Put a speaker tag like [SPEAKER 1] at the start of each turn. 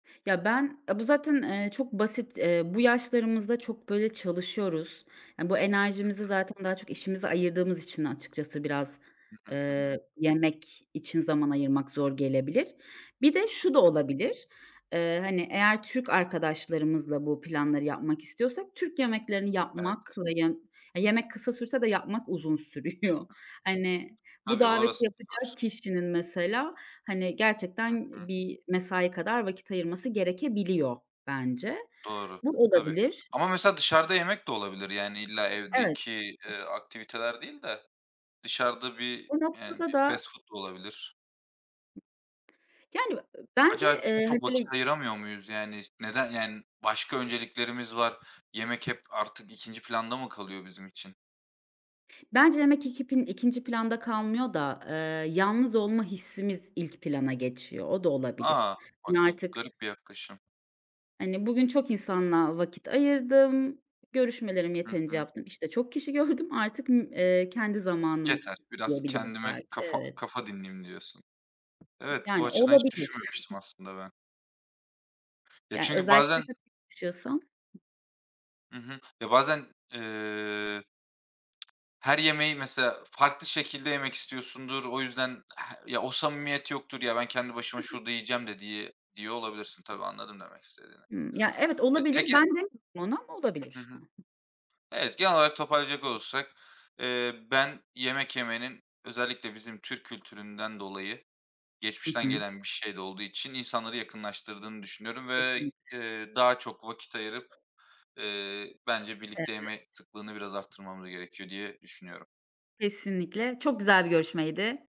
[SPEAKER 1] Ya ben, aaa, bu zaten, eee, çok basit, eee, bu yaşlarımızda çok böyle çalışıyoruz. Aaa, bu
[SPEAKER 2] Hı
[SPEAKER 1] enerjimizi
[SPEAKER 2] hı.
[SPEAKER 1] zaten daha çok işimize ayırdığımız için açıkçası biraz,
[SPEAKER 2] Hı hı, hı hı.
[SPEAKER 1] eee, yemek için zaman ayırmak zor gelebilir. Bir de
[SPEAKER 2] Hı
[SPEAKER 1] şu da
[SPEAKER 2] hı.
[SPEAKER 1] olabilir. Eee, hani, eğer Türk arkadaşlarımızla bu planları yapmak istiyorsak Türk yemeklerini
[SPEAKER 2] Evet.
[SPEAKER 1] yapmak ve yem yemek kısa sürse de yapmak uzun
[SPEAKER 2] Hı hı.
[SPEAKER 1] sürüyor. Hani bu
[SPEAKER 2] Tabii
[SPEAKER 1] daveti
[SPEAKER 2] orası da
[SPEAKER 1] yapacak
[SPEAKER 2] var.
[SPEAKER 1] kişinin mesela hani
[SPEAKER 2] Hı
[SPEAKER 1] gerçekten
[SPEAKER 2] hı.
[SPEAKER 1] bir mesai kadar vakit ayırması gerekebiliyor bence.
[SPEAKER 2] Doğru,
[SPEAKER 1] Bu
[SPEAKER 2] tabii,
[SPEAKER 1] olabilir.
[SPEAKER 2] ama mesela dışarıda yemek de olabilir yani illa
[SPEAKER 1] Evet.
[SPEAKER 2] evdeki eee, aktiviteler değil de dışarıda bir
[SPEAKER 1] O
[SPEAKER 2] yani
[SPEAKER 1] noktada
[SPEAKER 2] bir
[SPEAKER 1] da
[SPEAKER 2] fast food da olabilir.
[SPEAKER 1] Yani, ııı, bence,
[SPEAKER 2] Acaba buna
[SPEAKER 1] eee,
[SPEAKER 2] çok vakit
[SPEAKER 1] [unintelligible]
[SPEAKER 2] ayıramıyor muyuz yani? S neden yani başka önceliklerimiz var? Yemek hep artık 2'nci planda mı kalıyor bizim için?
[SPEAKER 1] Bence [unintelligible] 2'nci planda kalmıyor da, eee, yalnız olma hissimiz ilk plana geçiyor. O da olabilir.
[SPEAKER 2] A,
[SPEAKER 1] Hani
[SPEAKER 2] bak bu
[SPEAKER 1] artık
[SPEAKER 2] garip bir yaklaşım.
[SPEAKER 1] hani bugün çok insanla vakit ayırdım. Görüşmelerimi
[SPEAKER 2] Hı
[SPEAKER 1] yeterince
[SPEAKER 2] hı.
[SPEAKER 1] yaptım. İşte çok kişi gördüm. Artık, ımm, eee, kendi zamanım
[SPEAKER 2] Yeter biraz
[SPEAKER 1] diyebiliriz
[SPEAKER 2] kendime
[SPEAKER 1] belki.
[SPEAKER 2] kafa
[SPEAKER 1] Evet.
[SPEAKER 2] kafa dinleyeyim diyorsun. Evet, bu
[SPEAKER 1] Yani
[SPEAKER 2] açıdan hiç
[SPEAKER 1] olabilir.
[SPEAKER 2] düşünmemiştim aslında ben. Ya
[SPEAKER 1] Ya
[SPEAKER 2] çünkü
[SPEAKER 1] özellikle
[SPEAKER 2] bazen
[SPEAKER 1] de tek yaşıyorsam.
[SPEAKER 2] Hı hı, ya bazen ııı Her yemeği mesela farklı şekilde yemek istiyorsundur, o yüzden he ya o samimiyet yoktur ya "ben kendi başıma
[SPEAKER 1] Hı hı.
[SPEAKER 2] şurada yiyeceğim" de diye diyor olabilirsin tabii. Anladım demek istediğini
[SPEAKER 1] Hımm. Ya evet olabilir. Ben
[SPEAKER 2] [unintelligible]
[SPEAKER 1] de [unintelligible] ona
[SPEAKER 2] Hı
[SPEAKER 1] olabilir.
[SPEAKER 2] hı.
[SPEAKER 1] Hı hı.
[SPEAKER 2] Evet genel olarak toparlayacak olursak, eee, ben yemek yemenin özellikle bizim Türk kültüründen dolayı
[SPEAKER 1] Hı
[SPEAKER 2] geçmişten
[SPEAKER 1] hı.
[SPEAKER 2] gelen bir şey de olduğu için insanları yakınlaştırdığını düşünüyorum ve,
[SPEAKER 1] Kesinlikle.
[SPEAKER 2] eee, daha çok vakit ayırıp, eee, bence birlikte
[SPEAKER 1] Evet.
[SPEAKER 2] yeme sıklığını biraz arttırmamız gerekiyor diye düşünüyorum.
[SPEAKER 1] Kesinlikle çok güzel bir görüşmeydi.